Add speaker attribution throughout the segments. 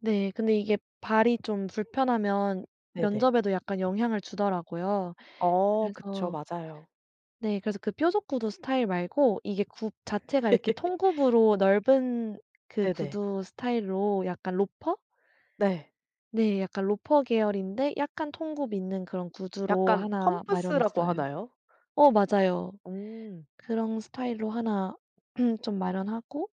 Speaker 1: 네 근데 이게 발이 좀 불편하면
Speaker 2: 네네.
Speaker 1: 면접에도 약간 영향을 주더라고요.
Speaker 2: 어 그쵸.
Speaker 1: 그래서
Speaker 2: 맞아요.
Speaker 1: 네 그래서 그 뾰족 구두 스타일 말고 이게 굽 자체가 이렇게 통굽으로 넓은 그
Speaker 2: 네네.
Speaker 1: 구두 스타일로 약간 로퍼?
Speaker 2: 네.
Speaker 1: 네 약간 로퍼 계열인데 약간 통굽 있는 그런 구두로
Speaker 2: 약간
Speaker 1: 하나
Speaker 2: 펌프스라고
Speaker 1: 마련했어요.
Speaker 2: 하나요?
Speaker 1: 어 맞아요.
Speaker 2: 음.
Speaker 1: 그런 스타일로 하나 좀 마련하고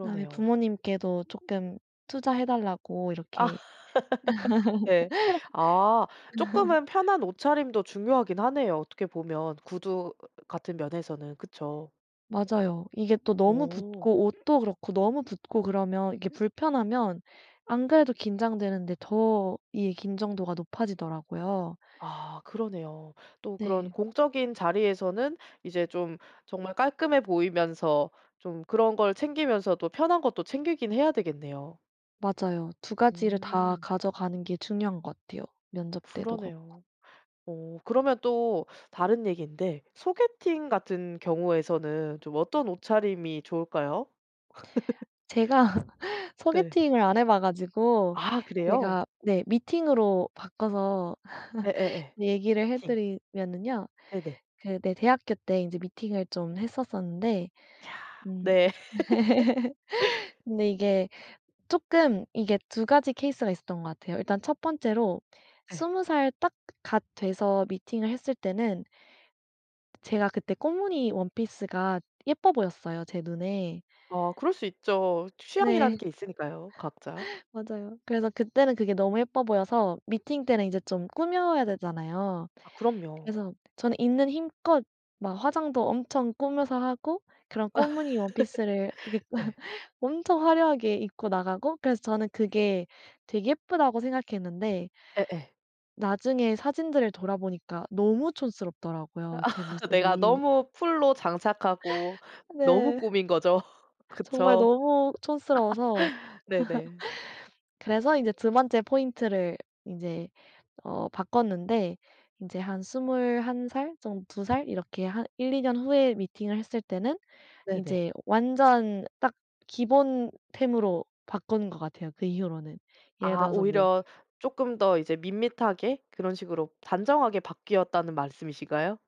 Speaker 1: 그다음에 부모님께도 조금 투자해 달라고
Speaker 2: 아
Speaker 1: 이렇게
Speaker 2: 네. 아 조금은 편한 옷차림도 중요하긴 하네요. 어떻게 보면 구두 같은 면에서는. 그쵸.
Speaker 1: 맞아요 이게 또 너무
Speaker 2: 어.
Speaker 1: 붙고 옷도 그렇고 너무 붙고 그러면 이게 불편하면 안 그래도 긴장되는데 더 이 긴장도가 높아지더라고요.
Speaker 2: 아 그러네요. 또 그런
Speaker 1: 네.
Speaker 2: 공적인 자리에서는 이제 좀 정말 깔끔해 보이면서 좀 그런 걸 챙기면서도 편한 것도 챙기기는 해야 되겠네요.
Speaker 1: 맞아요 2 가지를 다
Speaker 2: 음.
Speaker 1: 가져가는 게 중요한 거 같아요, 면접 때도 그렇고.
Speaker 2: 그러네요. 어 그러면 또 다른 얘긴데 소개팅 같은 경우에서는 좀 어떤 옷차림이 좋을까요?
Speaker 1: 제가
Speaker 2: 네.
Speaker 1: 소개팅을 안 해봐가지고
Speaker 2: 아 그래요?
Speaker 1: 제가 네 미팅으로 바꿔서
Speaker 2: 예예예.
Speaker 1: 얘기를
Speaker 2: 미팅.
Speaker 1: 해드리면은요.
Speaker 2: 네네.
Speaker 1: 그 네 대학교 때 이제 미팅을 좀 했었었는데,
Speaker 2: 야.
Speaker 1: 음
Speaker 2: 네.
Speaker 1: 근데 이게 쪼끔 이게 2 가지 케이스가 있었던 것 같아요. 일단 1 번째로
Speaker 2: 예.
Speaker 1: 20 살 딱 갓 돼서 미팅을 했을 때는 제가 그때 꽃무늬 원피스가 예뻐 보였어요, 제 눈에.
Speaker 2: 아 그럴 수 있죠.
Speaker 1: 네.
Speaker 2: 취향이라는 게 있으니까요, 각자.
Speaker 1: 맞아요. 그래서 그때는 그게 너무 예뻐 보여서 미팅 때는 이제 좀 꾸며야 되잖아요.
Speaker 2: 아 그럼요.
Speaker 1: 그래서 저는 있는 힘껏 막 화장도 엄청 꾸며서 하고, 그런 꽃무늬 원피스를 이렇게
Speaker 2: 네.
Speaker 1: 엄청 화려하게 입고 나가고, 그래서 저는 그게 되게 예쁘다고 생각했는데
Speaker 2: 예예.
Speaker 1: 나중에 사진들을 돌아보니까 너무 촌스럽더라고요 제
Speaker 2: 내가
Speaker 1: 모습이.
Speaker 2: 너무 풀로 장착하고 너무
Speaker 1: 네.
Speaker 2: 꾸민거죠.
Speaker 1: 정말
Speaker 2: 그쵸?
Speaker 1: 너무 촌스러워서
Speaker 2: 네네.
Speaker 1: 그래서 이제 2 번째 포인트를 이제 어 바꿨는데, 이제 한 21 살 정 2 살 이렇게 한 1-2 년 후에 미팅을 했을 때는
Speaker 2: 네네.
Speaker 1: 이제 완전 딱 기본 템으로 바꾼 것 같아요 그 이후로는. 예를
Speaker 2: 아
Speaker 1: 들어서 뭐...
Speaker 2: 오히려 "조금 더 이제 밋밋하게 그런 식으로 단정하게 바뀌었다."는 말씀이신가요?